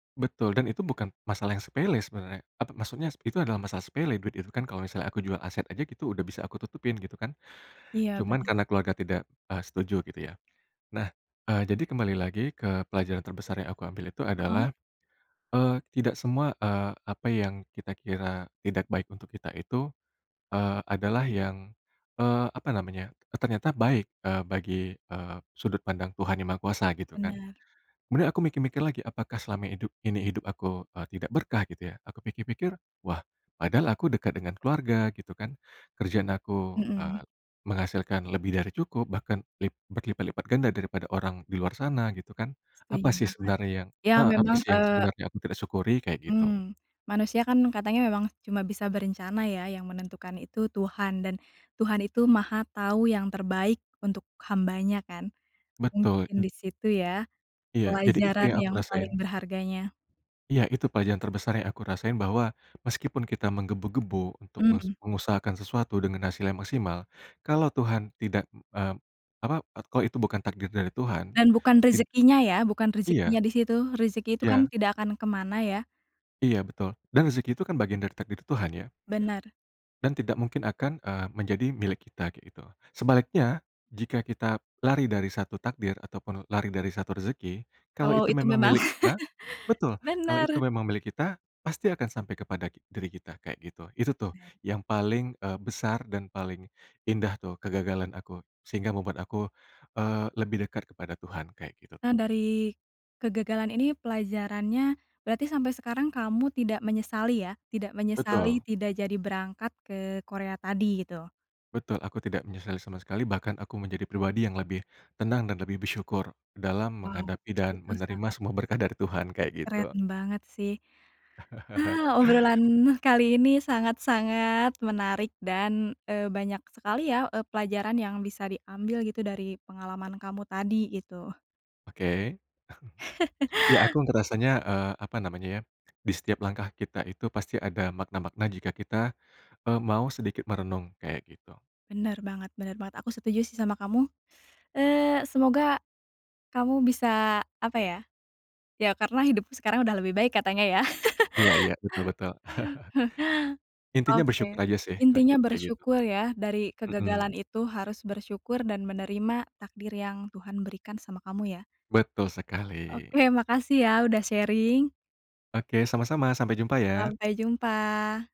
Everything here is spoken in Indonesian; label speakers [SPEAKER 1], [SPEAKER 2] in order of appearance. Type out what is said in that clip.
[SPEAKER 1] Betul dan itu bukan masalah yang sepele sebenarnya apa maksudnya s itu adalah masalah sepele duit itu kan kalau misalnya aku jual aset aja gitu udah bisa aku tutupin gitu kan.
[SPEAKER 2] Iya,
[SPEAKER 1] Cuman
[SPEAKER 2] bener.
[SPEAKER 1] karena keluarga tidak, eee, setuju gitu ya. Nah, eee, jadi kembali lagi ke pelajaran terbesar yang aku ambil itu
[SPEAKER 2] Heeh.
[SPEAKER 1] adalah, eee, tidak semua, eee, apa yang kita kira tidak baik untuk kita itu, eee, adalah yang, eee, apa namanya, e ternyata baik, eee, bagi, eee, sudut pandang Tuhan Yang Maha Kuasa gitu kan.
[SPEAKER 2] Benar.
[SPEAKER 1] Kemudian aku mikir-mikir lagi apakah selama hidup ini, hidup aku, eee, tidak berkah gitu ya. Aku pikir-pikir, wah padahal aku dekat dengan keluarga gitu kan. Kerjaan aku,
[SPEAKER 2] Mhm.
[SPEAKER 1] eee, menghasilkan lebih dari cukup bahkan lip berlipat-lipat ganda daripada orang di luar sana gitu kan.
[SPEAKER 2] Setuju
[SPEAKER 1] Apa sih
[SPEAKER 2] banget,
[SPEAKER 1] sebenarnya yang,
[SPEAKER 2] ya
[SPEAKER 1] eee, apa
[SPEAKER 2] memang,
[SPEAKER 1] sih yang
[SPEAKER 2] eee
[SPEAKER 1] sebenernya aku tidak syukuri? Kayak gitu.
[SPEAKER 2] Mmm, manusia kan katanya memang cuma bisa berencana ya, yang menentukan itu Tuhan dan Tuhan itu Maha Tahu yang terbaik untuk hamba-Nya kan.
[SPEAKER 1] Betul,
[SPEAKER 2] Mungkin
[SPEAKER 1] itu
[SPEAKER 2] disitu ya,
[SPEAKER 1] Iya, jadi itu
[SPEAKER 2] pelajaran
[SPEAKER 1] yang aku
[SPEAKER 2] yang paling
[SPEAKER 1] rasain.
[SPEAKER 2] berharganya.
[SPEAKER 1] Iya Itu pelajaran terbesar yang aku rasain bahwa, meskipun kita menggebu-gebu untuk mes
[SPEAKER 2] Mmm.
[SPEAKER 1] mengusahakan sesuatu dengan hasil yang maksimal, kalau Tuhan tidak, m mmm, apa e kalau itu bukan takdir dari Tuhan,
[SPEAKER 2] Dan bukan
[SPEAKER 1] tin
[SPEAKER 2] rezekinya ya, bukan rezekinya
[SPEAKER 1] Iya.
[SPEAKER 2] di situ rezeki itu kan
[SPEAKER 1] Iya.
[SPEAKER 2] tidak akan kemana ya.
[SPEAKER 1] Iya betul, dan rezeki itu kan bagian dari takdir Tuhan ya.
[SPEAKER 2] Bener
[SPEAKER 1] Dan tidak mungkin akan, eee, menjadi milik kita, kayak gitu. Sebaliknya, jika kita lari dari 1 takdir ataupun lari dari 1 rezeki kalau
[SPEAKER 2] Kalau
[SPEAKER 1] itu
[SPEAKER 2] itu
[SPEAKER 1] memang
[SPEAKER 2] memang
[SPEAKER 1] milik kita betul, kalau itu
[SPEAKER 2] bener!
[SPEAKER 1] memang milik kita, pasti akan sampai kepada ki diri kita, kayak gitu. Itu tuh
[SPEAKER 2] Benar.
[SPEAKER 1] yang paling, eee, besar dan paling indah tuh kegagalan aku sehingga membuat aku, eee, lebih dekat kepada Tuhan kayak gitu tuh.
[SPEAKER 2] Nah dari, kegagalan ini pelajarannya, berarti sampai sekarang kamu tidak menyesali ya? Tidak menyesali
[SPEAKER 1] Betul.
[SPEAKER 2] tidak jadi berangkat ke Korea tadi gitu?
[SPEAKER 1] Betul, aku tidak menyesali sama sekali bahkan aku menjadi pribadi yang lebih, tenang dan lebih bersyukur dalam
[SPEAKER 2] Wow,
[SPEAKER 1] menghadapi dan
[SPEAKER 2] itu
[SPEAKER 1] menerima
[SPEAKER 2] sangat
[SPEAKER 1] semua berkah dari Tuhan kayak gitu.
[SPEAKER 2] Keren banget sih. Ah, obrolan kali ini sangat-sangat menarik dan, eee, banyak sekali ya, eee, pelajaran yang bisa diambil gitu dari pengalaman kamu tadi gitu.
[SPEAKER 1] Oke. Ya aku ngerasanya, eee, apa namanya ya, di setiap langkah kita itu pasti ada makna-makna jika kita, eee, mau sedikit merenung kayak gitu.
[SPEAKER 2] Bener banget bener banget aku setuju sih sama kamu, eee, semoga, kamu bisa apa ya, ya karena hidupmu sekarang udah lebih baik katanya ya?
[SPEAKER 1] Iya iya, betul betul. Intinya
[SPEAKER 2] Oke,
[SPEAKER 1] bersyukur aja sih kayak gi
[SPEAKER 2] intinya
[SPEAKER 1] kayak gitu.
[SPEAKER 2] bersyukur ya dari kegagalan
[SPEAKER 1] Mhm.
[SPEAKER 2] itu harus bersyukur dan menerima takdir yang Tuhan berikan sama kamu ya.
[SPEAKER 1] Betul sekali.
[SPEAKER 2] Oke, makasih ya udah sharing.
[SPEAKER 1] Oke sama sama sampai jumpa ya!
[SPEAKER 2] Sampai jumpa!